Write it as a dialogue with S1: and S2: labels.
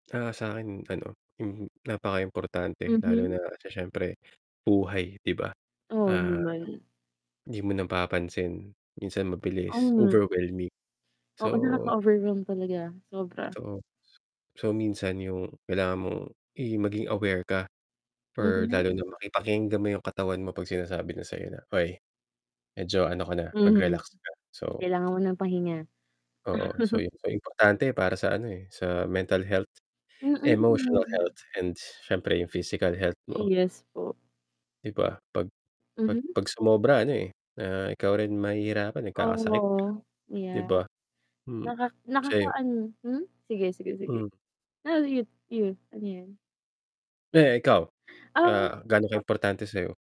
S1: Ah, sa'kin ano, mhm, napakaimportante lalo
S2: Mhm.
S1: na sa siyempre buhay, 'di ba?
S2: Oo
S1: Ah,
S2: naman.
S1: 'di mo napapansin, minsan mabilis,
S2: Hmm.
S1: overwhelming.
S2: Oo,
S1: So
S2: nakaka-overwhelm talaga, sobra.
S1: Totoo. So, minsan yung kailangan mong i maging aware ka or
S2: Mhm.
S1: lalo na maki pakinggan mo yung katawan mo 'pag sinasabi na sa'yo na, "Oy, medyo ano ka na,
S2: Mhm.
S1: mag-relax ka." So
S2: Kailangan mo ng pahinga.
S1: Oo, so yun. So, importante para sa ano, eh, sa mental health, emotional
S2: Mm.
S1: health and siyempre yung physical health mo.
S2: Yes po.
S1: 'Di ba 'pag 'pag
S2: Mhm.
S1: 'pag sumobra ano, eh, ah, ikaw rin mahihirapan, eh, magkakasakit ka
S2: Oh,
S1: 'di
S2: yeah.
S1: ba? Hmm,
S2: Naka
S1: sa'yo?
S2: nakakaano hmm, sige, sige, sige.
S1: Hmm.
S2: Ah, sige, sige, ano 'yan?
S1: Eh, ikaw,
S2: Ah
S1: ah, gaano kaimportante sa'yo?